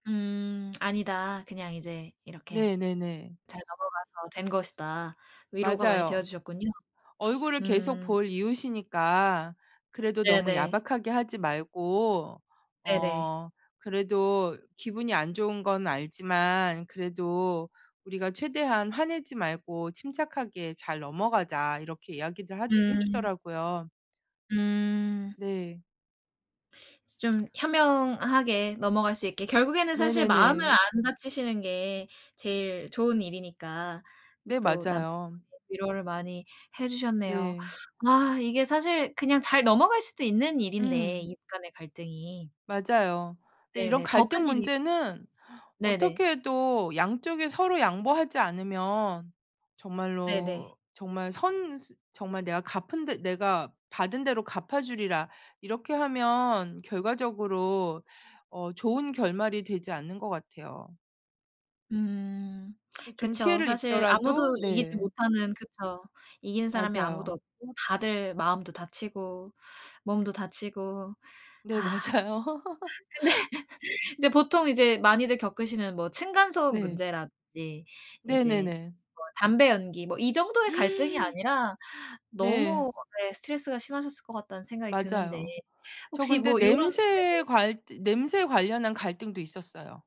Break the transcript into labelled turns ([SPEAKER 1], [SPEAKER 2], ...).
[SPEAKER 1] 음. 아니다. 그냥 이제 이렇게
[SPEAKER 2] 네 네네.
[SPEAKER 1] 잘 넘어가서 된 것이다. 위로가 많이 되어
[SPEAKER 2] 맞아요.
[SPEAKER 1] 주셨군요.
[SPEAKER 2] 얼굴을 계속
[SPEAKER 1] 음.
[SPEAKER 2] 볼 이웃이니까 그래도 너무
[SPEAKER 1] 네네.
[SPEAKER 2] 야박하게 하지 말고
[SPEAKER 1] 네네.
[SPEAKER 2] 어 그래도 "기분이 안 좋은 건 알지만 그래도 우리가 최대한 화내지 말고 침착하게 잘 넘어가자." 이렇게 이야기를 하주
[SPEAKER 1] 음.
[SPEAKER 2] 해주더라고요.
[SPEAKER 1] 음.
[SPEAKER 2] 네.
[SPEAKER 1] 좀 현명하게 넘어갈 수 있게 결국에는 사실 마음을
[SPEAKER 2] 네네네.
[SPEAKER 1] 안 다치시는 게 제일 좋은 일이니까
[SPEAKER 2] 네
[SPEAKER 1] 또 남편분이
[SPEAKER 2] 맞아요.
[SPEAKER 1] 위로를 많이 해 주셨네요.
[SPEAKER 2] 네.
[SPEAKER 1] 아, 이게 사실 그냥 잘 넘어갈 수도 있는 일인데
[SPEAKER 2] 음.
[SPEAKER 1] 이웃 간의 갈등이.
[SPEAKER 2] 맞아요. 근데 이런
[SPEAKER 1] 네네. 더 큰
[SPEAKER 2] 갈등
[SPEAKER 1] 일이
[SPEAKER 2] 문제는
[SPEAKER 1] 네네.
[SPEAKER 2] 어떻게 해도 양쪽이 서로 양보하지 않으면
[SPEAKER 1] 네네.
[SPEAKER 2] 정말로 정말 선 스 정말 내가 갚은 대 '내가 받은 대로 갚아 주리라.' 이렇게 하면 결과적으로 어 좋은 결말이 되지 않는 것 같아요.
[SPEAKER 1] 음,
[SPEAKER 2] 그게 좀
[SPEAKER 1] 그쵸.
[SPEAKER 2] 피해를
[SPEAKER 1] 사실 아무도
[SPEAKER 2] 입더라도
[SPEAKER 1] 이기지
[SPEAKER 2] 네.
[SPEAKER 1] 못하는 그쵸. 이기는 사람이 아무도
[SPEAKER 2] 맞아요.
[SPEAKER 1] 없고 다들 마음도 다치고 몸도 다치고
[SPEAKER 2] 네
[SPEAKER 1] 아.
[SPEAKER 2] 맞아요.
[SPEAKER 1] 근데 이제 보통 이제 많이들 겪으시는 뭐 층간소음
[SPEAKER 2] 네.
[SPEAKER 1] 문제라든지 이제
[SPEAKER 2] 네네네.
[SPEAKER 1] 뭐 담배 연기 뭐 이 정도의 갈등이 아니라
[SPEAKER 2] 네.
[SPEAKER 1] 너무 예. 스트레스가 심하셨을 것 같다는 생각이 드는데
[SPEAKER 2] 맞아요. 저
[SPEAKER 1] 혹시
[SPEAKER 2] 근데
[SPEAKER 1] 뭐 이런
[SPEAKER 2] 냄새에
[SPEAKER 1] 네네.
[SPEAKER 2] 괄 즈 냄새에 관련한 갈등도 있었어요.